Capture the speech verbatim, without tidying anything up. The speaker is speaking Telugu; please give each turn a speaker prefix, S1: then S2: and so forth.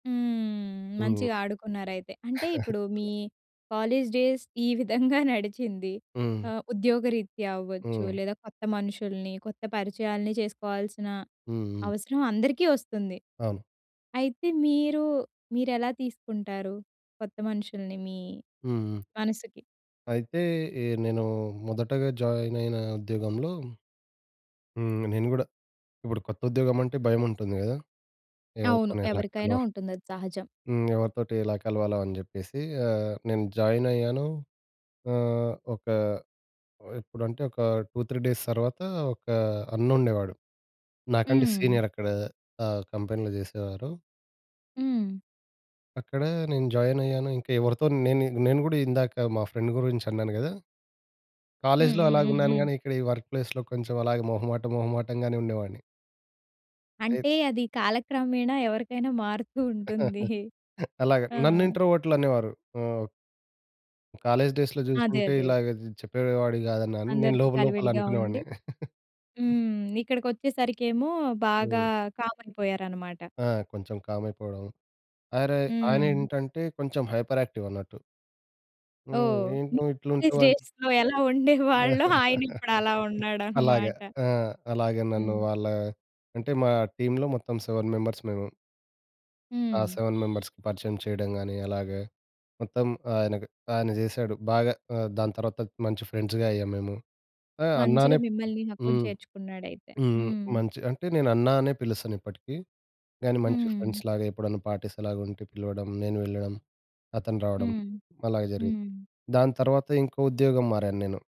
S1: హ్మ్.
S2: హ్మ్.
S1: మంచిగా ఆడుకున్నారయితే. అంటే ఇప్పుడు మీ
S2: అలా.
S1: కాలేజ్ డేస్ ఈ విధంగా నడిచింది.
S2: హ్మ్.
S1: ఆహ్, ఉద్యోగరీత్యా అవ్వచ్చు,
S2: హ్మ్.
S1: లేదా కొత్త మనుషుల్ని కొత్త పరిచయాల్ని చేసుకోవాల్సిన
S2: హ్మ్. హ్మ్.
S1: అవసరం అందరికీ వస్తుంది.
S2: అవును.
S1: అయితే, మీరు మీరెలా తీసుకుంటారు? కొత్త మనుషుల్ని మీ
S2: హ్మ్. హ్మ్.
S1: మనసుకి?
S2: అయితే, ఎ నేను మొదటగా జాయినయిన ఉద్యోగంలో హ్మ్. నేను గూడా ఇప్పుడు కొత్త ఉద్యోగమంటే భయముంటుంది గాదా!
S1: అవును.
S2: ఎవరితో‌ని ఎలా
S1: ఎవరికైనా
S2: కలవా
S1: ఉంటుంది. అది సహజం.
S2: హ్మ్. ఎవరితోటి ఎలా కలవాలో అని చెప్పేసి ఆహ్, నేను జాయినయ్యాను ఆహ్, ఒక ఎప్పుడంటే, ఒక టూ త్రీ డేస్ తర్వాత ఒకా అన్నుండేవాడు. నాకంటే
S1: హ్మ్.
S2: సీనియరక్కడా ఆహ్, కంపెనీలో చేసేవారు.
S1: హ్మ్.
S2: అక్కడ నేను జాయినయ్యాను. ఇంకా ఎవరితో నేను, నేను కూడా ఇందాక మా ఫ్రెండ్ గురించి అన్నాను కదా!
S1: హ్మ్.
S2: కాలేజ్‌లో
S1: హ్మ్. హ్మ్.
S2: అలాగున్నాను
S1: హ్మ్.
S2: గానీ, ఇక్కడ ఈ వర్క్ ప్లేస్‌లో కొంచెం అలాగే మొహమాటం, మొహమాటంగానే ఉండేవాడిని. అయి
S1: అంటే, అది కాలక్రమేణా ఎవరికైనా మారుతూ ఉంటుంది.
S2: అలాగ.
S1: ఆ!
S2: నన్ను ఇంట్రోవర్టులనేవారు. ఓహ్! కాలేజ్ డేస్‌లో
S1: అదే.
S2: చూసుకుంటే,
S1: అదే.
S2: ఇలాగా జ్ చెప్పేవాడు కాదన్నాను. నేను
S1: అందరితో
S2: లోపల్లోపల
S1: కలివిడిగా ఉండి
S2: అనుకునేవాడిని.
S1: హ్మ్. ఇక్కడికొచ్చేసరికేమో బాగా
S2: హ్మ్.
S1: కామయిపోయారనమాట.
S2: ఆ! కొంచెం కామయిపోవడం. అరే! ఆయన
S1: హ్మ్.
S2: ఏంటంటే, కొంచెం హైపర్యాక్టీవన్నట్టు. హ్మ్.
S1: ఓహ్!
S2: ఏంటి
S1: మీ
S2: నువ్వు
S1: కాలేజ్
S2: ఇట్లుంటావు? అంట్
S1: డేస్‌లో ఎలా ఉండేవాళ్ళో ఆయనిప్పుడు అలా
S2: అలాగా
S1: ఉన్నాడన్నమాట.
S2: ఆ! అలాగా నన్ను
S1: హ్మ్.
S2: వాళ్ళ అంటే, మా టీమ్‌లో మొత్తం సెవెన్ మెంబర్స్ మేము. ఆ
S1: హ్మ్.
S2: సెవెన్ మెంబర్స్‌కి పరిచయం చేయడం గాని, అలాగే మొత్తం ఆయన గా ఆయన చేసాడు. బాగా. ఆహ్, దాని తర్వాత మంచి ఫ్రెండ్స్‌గా అయ్యాము మేము. ఆ!
S1: మంచిగా
S2: అన్నానే ప్
S1: మిమ్మల్ని హక్కుం
S2: హ్మ్.
S1: చేర్చుకున్నాడయితే.
S2: హ్మ్.
S1: హ్మ్.
S2: మంచి అంటే నేనన్నా అనే పిలుస్తాను ఇప్పటికీ. కానీ, మంచి
S1: హ్మ్.
S2: ఫ్రెండ్స్‌లాగా ఎప్పుడైనా పార్టీస్ అలాగా ఉంటే పిలవడం, నేను వెళ్ళడం, అతను రావడం,
S1: హ్మ్.
S2: అలాగే జరిగేది.
S1: హ్మ్.
S2: దాని తర్వాత ఇంకో ఉద్యోగం మారాన్నేను.